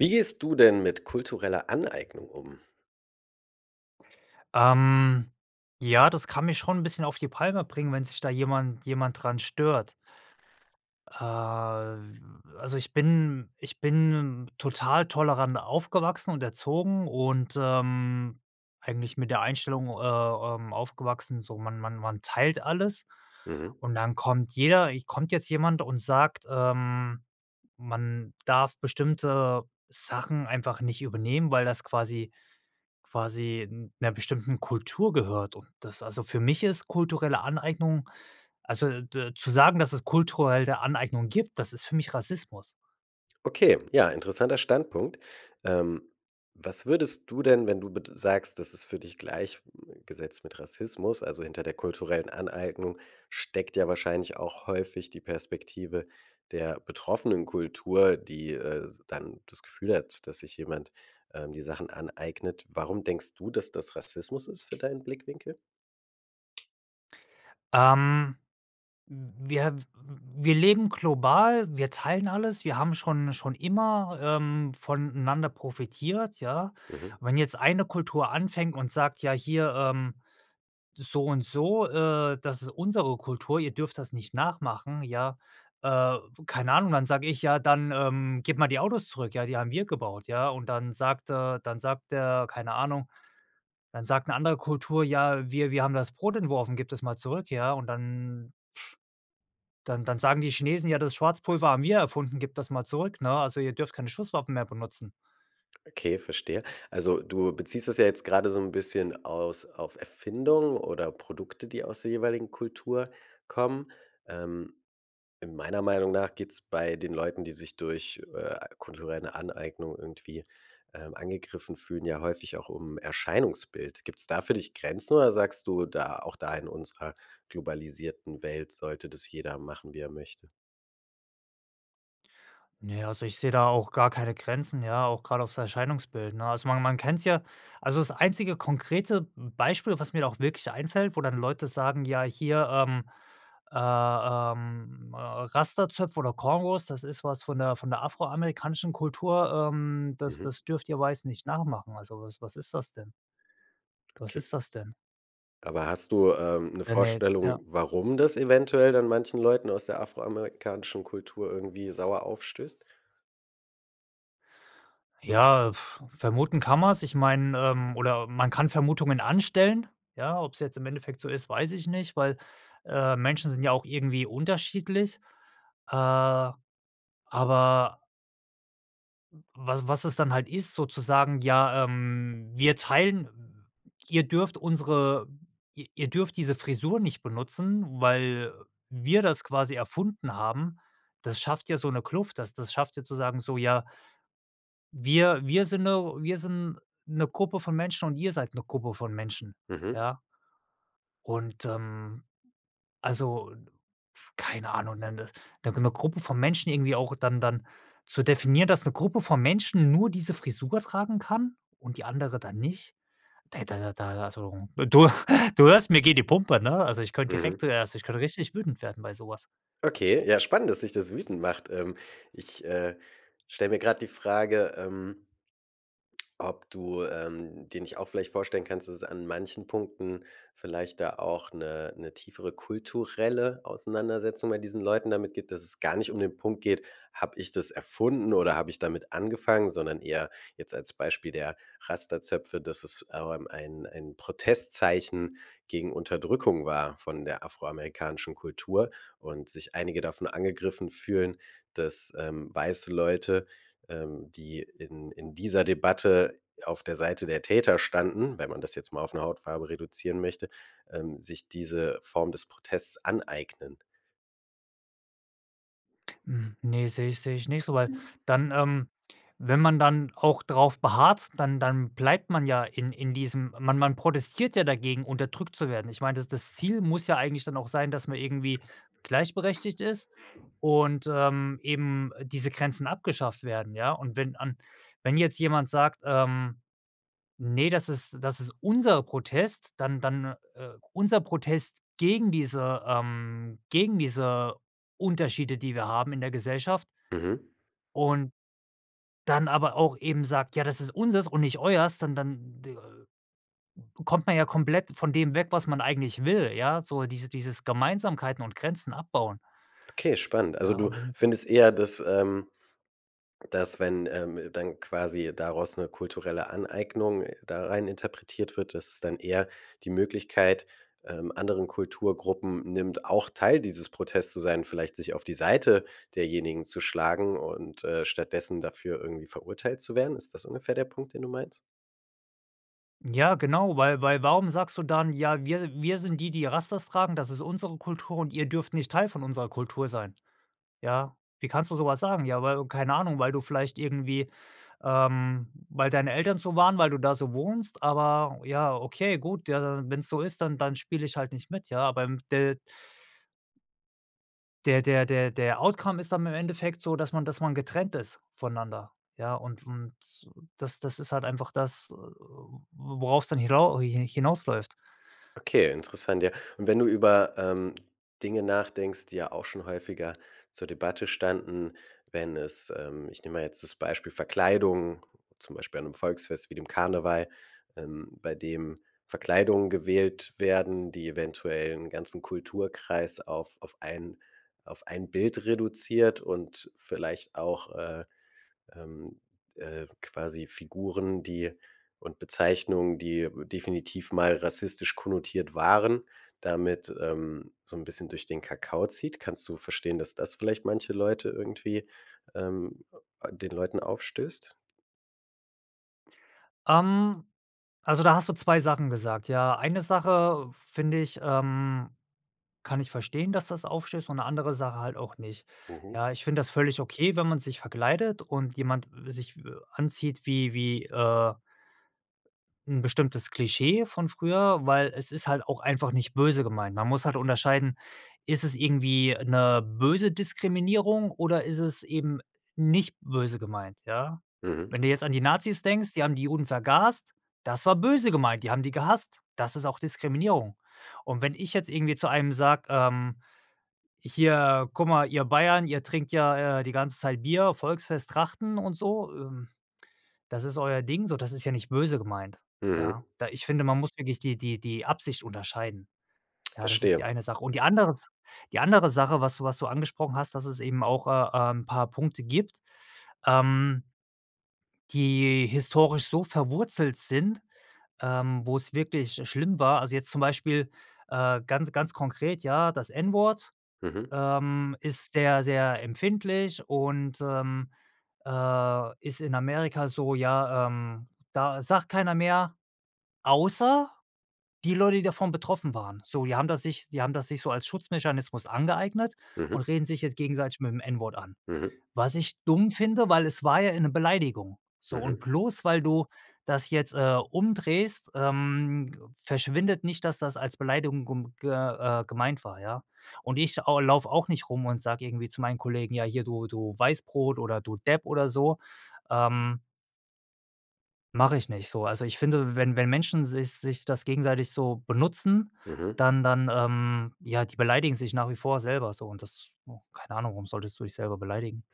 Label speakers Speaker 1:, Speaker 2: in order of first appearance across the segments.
Speaker 1: Wie gehst du denn mit kultureller Aneignung um?
Speaker 2: Ähm, ja, das kann mich schon 'n bisschen auf die Palme bringen, wenn sich da jemand jemand dran stört. Äh, w also, ich bin ich bin total tolerant aufgewachsen und erzogen und, ähm, eigentlich mit der Einstellung, äh, ähm, aufgewachsen, so: „Man man man teilt alles.“
Speaker 1: Mhm.
Speaker 2: Und dann kommt jeder kommt jetzt jemand und sagt, ähm: „Man darf bestimmte Sachen einfach nicht übernehmen, weil das quasi quasi 'n 'ner bestimmten Kultur gehört.“ Und das also, für mich ist kulturelle Aneignung also, d zu sagen, dass es kulturelle Aneignung gibt, das ist für mich Rassismus.
Speaker 1: Okay. Ja, interessanter Standpunkt. Ähm, was würdest du denn, wenn du bed sagst: „Das ist für dich gleich äh, gesetzt mit Rassismus.“ Also, hinter der kulturellen Aneignung steckt ja wahrscheinlich auch häufig die Perspektive der betroffenen Kultur, die, äh, dann das Gefühl hat, dass sich jemand, ähm, die Sachen aneignet. Warum denkst du, dass das Rassismus ist für deinen Blickwinkel?
Speaker 2: Ähm, w wir w w wir leben global. Wir teilen alles. Wir haben schon schon immer, ähm, voneinander profitiert, ja?
Speaker 1: Mhm.
Speaker 2: Wenn jetzt eine Kultur anfängt und sagt: „Ja, hier, ähm, so und so, äh, das ist unsere Kultur. Ihr dürft das nicht nachmachen.“ Ja, äh, keine Ahnung, dann sage ich: „Ja, dann, ähm, gebe mal die Autos zurück, ja, die haben wir gebaut, ja.“ Und dann sagt, äh dann sagt er keine Ahnung, dann sagt 'ne andere Kultur: „Ja, wir wir haben das Brot entworfen, gib das mal zurück.“ Ja, und dann dann dann sagen die Chinesen: „Ja, das Schwarzpulver haben wir erfunden, gib das mal zurück, ne? Also, ihr dürft keine Schusswaffen mehr benutzen.“
Speaker 1: Okay, verstehe. Also, du beziehst das ja jetzt grade so 'n bisschen aus auf Erfindungen oder Produkte, die aus der jeweiligen Kultur kommen. Ähm, meiner Meinung nach geht's bei den Leuten, die sich durch, äh, kulturelle Aneignung irgendwie, ähm, angegriffen fühlen, ja häufig auch um Erscheinungsbild. Gibt's da für dich Grenzen oder sagst du da: „Auch da in unserer globalisierten Welt, sollte das jeder machen, wie er möchte“?
Speaker 2: Naja, also, ich sehe da auch gar keine Grenzen, ja, auch gerade aufs Erscheinungsbild, ne? Also, man man kennt's ja, also, das einzige konkrete m Beispiel, was mir da auch wirklich einfällt, wo dann Leute sagen: „Ja, hier, ähm, äh, ähm, äh, Rastazöpfe oder Kongos, das ist was von der von der afroamerikanischen Kultur, ähm, das
Speaker 1: Mhm.
Speaker 2: das dürft ihr Weißen nicht nachmachen.“ Also, was was ist das denn? Was
Speaker 1: Okay.
Speaker 2: ist das denn?
Speaker 1: Aber hast du, ähm, 'ne
Speaker 2: Ja, ne,
Speaker 1: Vorstellung,
Speaker 2: ja.
Speaker 1: warum das eventuell dann manchen Leuten aus der afroamerikanischen Kultur irgendwie sauer aufstößt?
Speaker 2: Ja, vermuten kann man's. Ich meine ähm, oder man kann Vermutungen anstellen, ja? Ob's jetzt im Endeffekt so ist, weiß ich nicht, weil, äh, Menschen sind ja auch irgendwie unterschiedlich. Äh, aber w was was es dann halt ist, sozusagen: „Ja, ähm, wir teilen ihr dürft unsere ihr ihr dürft diese Frisur nicht benutzen, weil wir das quasi erfunden haben.“ Das schafft ja so 'ne Kluft, das das schafft ja zu sagen so: „Ja“ „wir wir sind 'ne wir sind 'ne Gruppe von Menschen und ihr seid 'ne Gruppe von Menschen“,
Speaker 1: Mhm.
Speaker 2: ja? Und, ähm, also, n f keine Ahnung 'ne 'ne d 'ne Gruppe von Menschen irgendwie auch, dann dann zu definieren, dass 'ne Gruppe von Menschen nur diese Frisur tragen kann und die andere dann nicht. Ey, da da da also du du hörst, mir geht die Pumpe, ne? Also, ich könnte
Speaker 1: Mhm.
Speaker 2: direkt also, ich könnte richtig wütend werden bei sowas.
Speaker 1: Okay. Ja, spannend, dass dich das wütend macht. Ähm, ich, äh, stelle mir grad die Frage, ähm ob du, ähm, dir nicht auch vielleicht vorstellen kannst, dass es an manchen Punkten vielleicht da auch 'ne 'ne tiefere kulturelle Auseinandersetzung bei diesen Leuten damit gibt? Dass es gar nicht um den Punkt geht: „Habe ich das erfunden oder habe ich damit angefangen“, sondern eher jetzt als Beispiel der Rasta-Zöpfe, dass es, ähm, ein ein Protestzeichen gegen Unterdrückung war von der afroamerikanischen Kultur und sich einige davon angegriffen fühlen, dass, ähm, weiße Leute, ähm, die in in dieser Debatte auf der Seite der Täter standen, wenn man das jetzt mal auf 'ne Hautfarbe reduzieren möchte, ähm, sich diese Form des Protests aneignen.
Speaker 2: Hm. Ne, sehe ich sehe ich nicht so, weil dann, ähm wenn man dann auch drauf beharrt, dann dann bleibt man ja in in diesem man man protestiert ja dagegen, unterdrückt zu werden. Ich meine, das das Ziel muss ja eigentlich dann auch sein, dass man irgendwie gleichberechtigt ist und, ähm, eben diese Grenzen abgeschafft werden, ja? Und wenn an wenn jetzt jemand sagt, ähm: „Ne, das ist das ist unser Protest. Dann dann, äh unser Protest gegen diese, ähm gegen diese Unterschiede, die wir haben in der Gesellschaft.“
Speaker 1: Mhm.
Speaker 2: Und, dann aber auch eben sagt: „Ja, das ist unseres und nicht euers.“ Dann dann d kommt man ja komplett von dem weg, was man eigentlich will, ja, so dieses dieses Gemeinsamkeiten und Grenzen abbauen.
Speaker 1: Okay, spannend. Also,
Speaker 2: Ja,
Speaker 1: du
Speaker 2: und wenn jetzt ja
Speaker 1: findest eher, dass, ähm dass wenn, ähm, dann quasi daraus 'ne kulturelle Aneignung da rein interpretiert wird, dass es dann eher die Möglichkeit, ähm, anderen Kulturgruppen nimmt, auch Teil dieses Protests zu sein, vielleicht sich auf die Seite derjenigen zu schlagen und, äh, stattdessen dafür irgendwie verurteilt zu werden? Ist das ungefähr der Punkt, den du meinst?
Speaker 2: Ja, genau, weil weil warum sagst du dann: „Ja, wir wir sind die, die Rastas tragen. Das ist unsere Kultur und ihr dürft nicht Teil von unserer Kultur sein.“ Ja. „Wie kannst du sowas sagen? Ja, weil keine Ahnung, weil du vielleicht irgendwie, ähm weil deine Eltern so waren, weil du da so wohnst. Aber ja, okay, gut. Ja. Wenn's so ist, dann dann spiele ich halt nicht mit.“ Ja, aber, ähm, de der der der der Outcome ist dann im Endeffekt so, dass man dass man getrennt ist voneinander. Ja, und und das das ist halt einfach das, äh, wo worauf es dann hinau hi hi hinausläuft.
Speaker 1: Okay. Interessant, ja. Und wenn du über, ähm, Dinge nachdenkst, die ja auch schon häufiger zur Debatte standen, wenn es, ähm ich nehme mal jetzt das Beispiel Verkleidung. Zum Beispiel an 'nem Volksfest wie dem Karneval, ähm, bei dem Verkleidungen gewählt werden, die eventuell 'n ganzen Kulturkreis auf auf ein auf ein Bild reduziert und vielleicht auch, äh, ähm, äh, quasi Figuren, die und Bezeichnungen, die, äh, definitiv mal rassistisch konnotiert waren, damit, ähm, so 'n bisschen durch den Kakao zieht. Kannst du verstehen, dass das vielleicht manche Leute irgendwie, ähm äh, den Leuten aufstößt?
Speaker 2: Ähm, also, da hast du 2 Sachen gesagt, ja? Eine Sache finde ich ähm, kann ich verstehen, dass das aufstößt und 'ne andere Sache halt auch nicht.
Speaker 1: Mhm.
Speaker 2: Ja, ich finde das völlig okay, wenn man sich verkleidet und jemand, äh, sich, äh, anzieht, wie wie, äh 'n bestimmtes Klischee von früher, weil es ist halt auch einfach nicht böse gemeint. Man muss halt unterscheiden: Ist es irgendwie 'ne böse Diskriminierung? Oder ist es eben nicht böse gemeint, ja?
Speaker 1: Mhm.
Speaker 2: Wenn du jetzt an die Nazis denkst, die haben die Juden vergast. Das war böse gemeint, die haben die gehasst. Das ist auch Diskriminierung. Und wenn ich jetzt irgendwie zu einem sage, ähm: „Hier, guck mal, ihr Bayern, ihr trinkt ja, äh, die ganze Zeit Bier, Volksfest, Trachten und so, ähm, das ist euer Ding so“, das ist ja nicht böse gemeint,
Speaker 1: Mhm.
Speaker 2: ja? Da ich finde, man muss wirklich die die die Absicht unterscheiden. Ja, das ist die
Speaker 1: Verstehe.
Speaker 2: eine Sache. Und die andere S die andere Sache, was du was du angesprochen hast, dass es eben auch, äh, ähm, 'n paar Punkte gibt, ähm die historisch so verwurzelt sind, ähm, wo's wirklich, äh, schlimm war. Also, jetzt zum Beispiel, äh, ganz ganz konkret, ja, das N-Wort
Speaker 1: Mhm.
Speaker 2: ähm ist sehr, sehr empfindlich und, ähm, äh, ist in Amerika so ja, ähm, das sagt keiner mehr, außer die Leute, die davon betroffen waren. So die haben das sich die haben das sich so als Schutzmechanismus angeeignet
Speaker 1: Mhm.
Speaker 2: und reden sich jetzt gegenseitig mit dem N-Wort an.
Speaker 1: Mhm.
Speaker 2: Was ich dumm finde, weil es war ja eine Beleidigung. So und
Speaker 1: Mhm.
Speaker 2: bloß, weil du das jetzt, äh, umdrehst, ähm, verschwindet nicht, dass das als Beleidigung gum ge äh, gemeint war, ja? Und ich au laufe auch nicht rum und sage irgendwie zu meinen Kollegen, ja, hier du du Weißbrot oder du Depp oder so, ähm Mache ich nicht so. Also, ich finde, wenn wenn Menschen sich sich das gegenseitig so benutzen,
Speaker 1: Mhm.
Speaker 2: dann dann, ähm ja, die beleidigen sich nach wie vor selber so und das hm, keine Ahnung, warum solltest du dich selber beleidigen?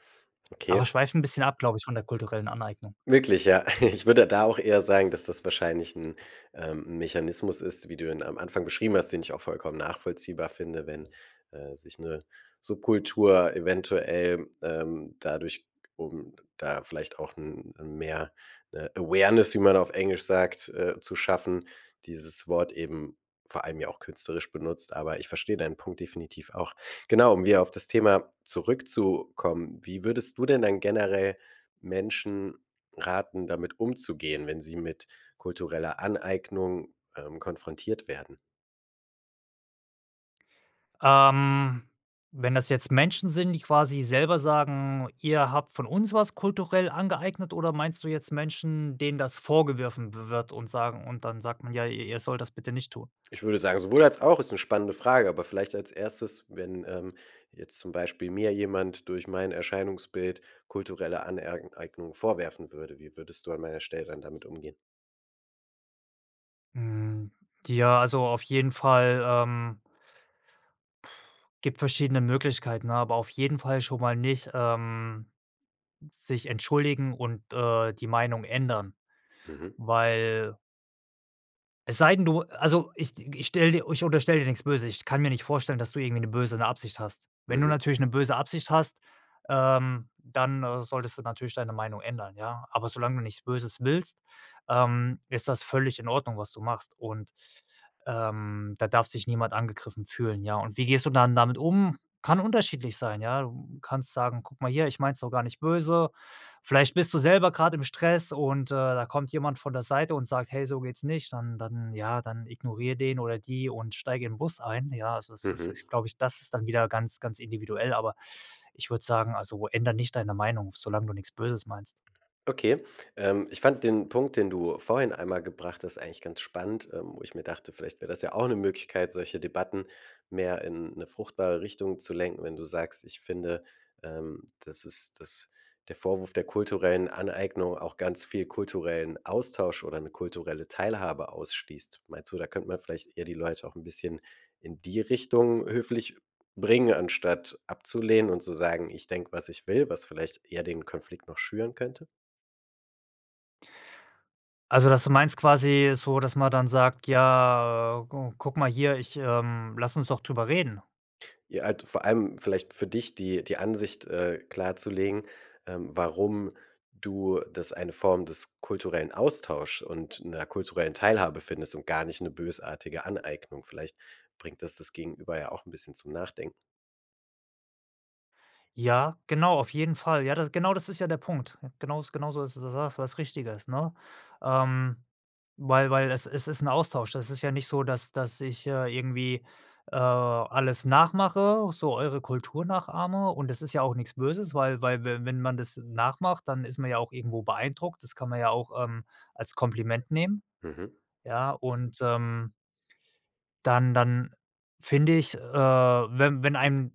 Speaker 1: Okay.
Speaker 2: Aber schweift 'n bisschen ab, glaube ich, von der kulturellen Aneignung.
Speaker 1: Wirklich, ja? Ich würde da auch eher sagen, dass das wahrscheinlich 'n, ähm 'n Mechanismus ist, wie du ihn am Anfang beschrieben hast, den ich auch vollkommen nachvollziehbar finde. Wenn, äh, sich 'ne Subkultur eventuell, ähm, dadurch um da vielleicht auch m mehr, äh, Awareness, wie man auf Englisch sagt, äh, zu schaffen, dieses Wort eben vor allem ja auch künstlerisch benutzt. Aber ich verstehe deinen Punkt definitiv auch. Genau, um wieder auf das Thema zurückzukommen. Wie würdest du denn dann generell Menschen raten, damit umzugehen, wenn sie mit kultureller Aneignung, ähm, konfrontiert werden?
Speaker 2: Ähm. Wenn das jetzt Menschen sind, die quasi selber sagen: „Ihr habt von uns was kulturell angeeignet“, oder meinst du jetzt Menschen, denen das vorgeworfen wi wird und sagen und dann sagt man: „Ja, ihr ihr sollt das bitte nicht tun?“
Speaker 1: Ich würde sagen, sowohl als auch. Ist 'ne spannende Frage. Aber vielleicht als 1., wenn, ähm, jetzt zum Beispiel mir jemand durch mein Erscheinungsbild kulturelle Aner Eignung vorwerfen würde. Wie würdest du an meiner Stelle dann damit umgehen?
Speaker 2: Hm. Ja, also, auf jeden Fall, ähm gibt verschiedene Möglichkeiten, aber auf jeden Fall schon mal nicht, ähm, sich entschuldigen und, äh, die Meinung ändern.
Speaker 1: Mhm.
Speaker 2: Weil es sei denn du also, ich d ich stelle dir ich unterstelle dir nix Böses. Ich kann mir nicht vorstellen, dass du irgendwie 'ne böse Absicht hast. Wenn du
Speaker 1: Mhm.
Speaker 2: natürlich 'ne böse Absicht hast, ähm, dann solltest du natürlich deine Meinung ändern, ja. Aber solange du nichts Böses willst, ähm, ist das völlig in Ordnung, was du machst. Und, ähm, da darf sich niemand angegriffen fühlen, ja. Und wie gehst du dann damit um? Kann unterschiedlich sein, ja. Du kannst sagen: „Guck mal hier, ich meine es doch gar nicht böse.“ Vielleicht bist du selber grad im Stress und, äh, da kommt jemand von der Seite und sagt: „Hey, so geht's nicht.“ Dann dann ja, dann ignoriere den oder die und steige in 'n Bus ein. Ja, also, es ist ist,
Speaker 1: Mhm.
Speaker 2: glaube ich das ist dann wieder ganz ganz individuell, aber ich würde sagen: „Also, ändere nicht deine Meinung, solange du nix Böses meinst.“
Speaker 1: Okay. Ähm, ich fand den Punkt, den du vorhin einmal gebracht hast, eigentlich ganz spannend. Ähm, wo ich mir dachte: „Vielleicht wäre das ja auch 'ne Möglichkeit, solche Debatten mehr in 'ne fruchtbare Richtung zu lenken“, wenn du sagst: „Ich finde, ähm, dass ist dass der Vorwurf der kulturellen Aneignung auch ganz viel kulturellen Austausch oder 'ne kulturelle Teilhabe ausschließt.“ Meinst du, da könnte man vielleicht eher die Leute auch 'n bisschen in die Richtung höflich bringen, anstatt abzulehnen und zu sagen: „Ich denke, was ich will“, was vielleicht eher den Konflikt noch schüren könnte?
Speaker 2: Also, dass du meinst quasi so, dass man dann sagt: „Ja, äh, go guck mal hier, ich ähm, lass uns doch darüber reden.“
Speaker 1: Ja, äh, du vor allem vielleicht für dich, die die Ansicht, äh, klarzulegen, ähm, warum du das eine Form des kulturellen Austausch und 'ner kulturellen Teilhabe findest und gar nicht 'ne bösartige Aneignung. Vielleicht bringt das das Gegenüber ja auch 'n bisschen zum Nachdenken.
Speaker 2: Ja, genau, auf jeden Fall. Ja, das genau das ist ja der Punkt. Genaus genauso ist das, da sagst du was Richtiges, ne? Ähm, weil weil es es ist 'n Austausch. Das ist ja nicht so, dass dass ich, äh, irgendwie, äh, alles nachmache, so eure Kultur nachahme und das ist ja auch nix Böses, weil weil we wenn man das nachmacht, dann ist man ja auch irgendwo beeindruckt, das kann man ja auch, ähm, als Kompliment nehmen.
Speaker 1: Mhm.
Speaker 2: Ja und, ähm dann dann finde ich, äh, wenn wenn einem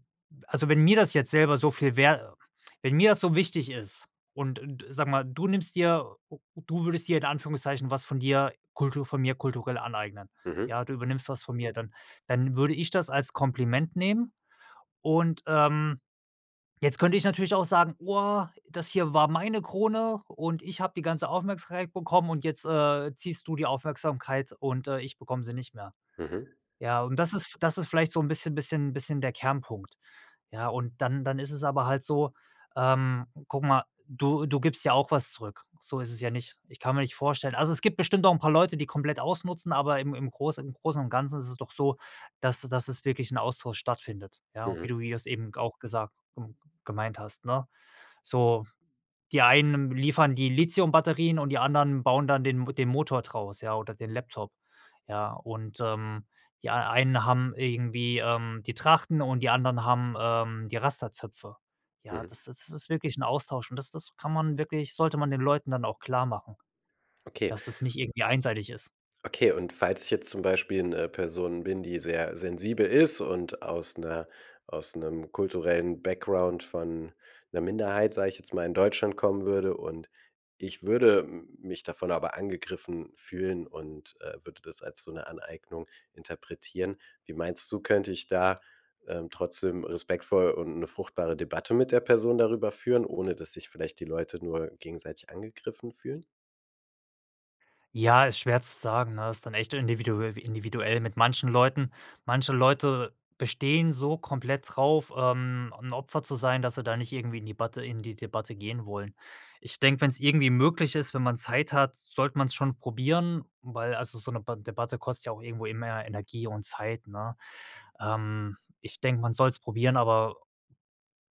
Speaker 2: also, wenn mir das jetzt selber so viel wer wenn mir das so wichtig ist und d sag mal, du nimmst dir o u du würdest dir in Anführungszeichen was von dir Kultur von mir kulturell aneignen.
Speaker 1: Mhm.
Speaker 2: Ja, du übernimmst was von mir, dann dann würde ich das als Kompliment nehmen und, ähm, jetzt könnte ich natürlich auch sagen: „Oah, das hier war meine Krone und ich habe die ganze Aufmerksamkeit bekommen und jetzt, äh, ziehst du die Aufmerksamkeit und, äh, ich bekomme sie nicht mehr.“
Speaker 1: Mhm.
Speaker 2: Ja, und das ist das ist vielleicht so 'n bisschen bisschen bisschen der Kernpunkt. Ja, und dann dann ist es aber halt so, ähm, guck mal, du du gibst ja auch was zurück. So ist es ja nicht. Ich kann mir nicht vorstellen also, es gibt bestimmt noch 'n paar Leute, die komplett ausnutzen, aber im im Großen im Großen und Ganzen ist es doch so, dass dass es wirklich 'n Austausch stattfindet, ja? Wie
Speaker 1: Mhm.
Speaker 2: du wie du's eben g auch gesagt, g gemeint hast, ne? So, die einen liefern die Lithium-Batterien und die anderen bauen dann den M den Motor draus, ja, oder den Laptop. Ja, und, ähm, die ei einen haben irgendwie, ähm, die Trachten und die anderen haben, ähm, die Rastazöpfe. Ja,
Speaker 1: Mhm.
Speaker 2: das ist das ist wirklich 'n Austausch und das das kann man wirklich sollte man den Leuten dann auch klarmachen,
Speaker 1: Okay.
Speaker 2: dass das nicht irgendwie einseitig ist.
Speaker 1: Okay. Und falls ich jetzt zum Beispiel 'ne Person bin, die sehr sensibel ist und aus 'ner aus 'nem kulturellen Background von 'ner Minderheit, sage ich jetzt mal, in Deutschland kommen würde und ich würde m mich davon aber angegriffen fühlen und, äh, würde das als so 'ne Aneignung interpretieren. Wie meinst du, könnte ich da, ähm, trotzdem respektvoll und 'ne fruchtbare Debatte mit der Person darüber führen, ohne dass sich vielleicht die Leute nur gegenseitig angegriffen fühlen?
Speaker 2: Ja, ist schwer zu sagen, ne? Ist dann echt individue individuell mit manchen Leuten. Manche Leute bestehen so komplett drauf, ähm, 'n Opfer zu sein, dass sie da nicht irgendwie in die Batte in die Debatte gehen wollen. Ich denke, wenn's irgendwie möglich ist, wenn man Zeit hat, sollte man's schon probieren, weil also, so 'ne Ba Debatte kostet ja auch irgendwo immer Energie und Zeit, ne? Ähm, ich denke, man soll's probieren, aber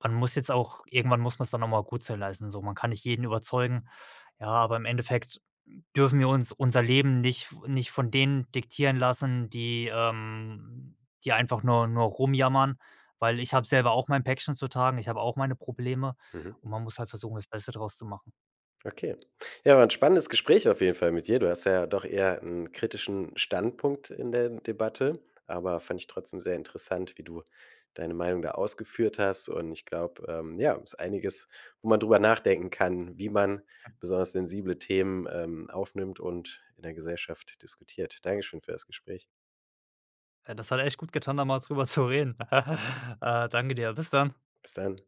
Speaker 2: man muss jetzt auch irgendwann muss man's dann nochmal gut sein lassen, so. Man kann nicht jeden überzeugen. Ja, aber im Endeffekt dürfen wir uns unser Leben nicht f nicht von denen diktieren lassen, die, ähm die einfach nur nur rumjammern, weil ich habe selber auch mein Päckchen zu tragen. Ich habe auch meine Probleme
Speaker 1: Mhm.
Speaker 2: und man muss halt versuchen, das Beste daraus zu machen.
Speaker 1: Okay. Ja, 'n spannendes Gespräch auf jeden Fall mit dir. Du hast ja doch eher 'n kritischen Standpunkt in der Debatte. Aber fand ich trotzdem sehr interessant, wie du deine Meinung da ausgeführt hast und ich glaube, ähm, ja, ist einiges, wo man drüber nachdenken kann, wie man besonders sensible Themen, ähm, aufnimmt und in der Gesellschaft diskutiert. Danke schön für das Gespräch.
Speaker 2: Ja, das hat ja echt gut getan, da mal darüber zu reden. Äh, danke dir. Bis dann.
Speaker 1: Bis dann.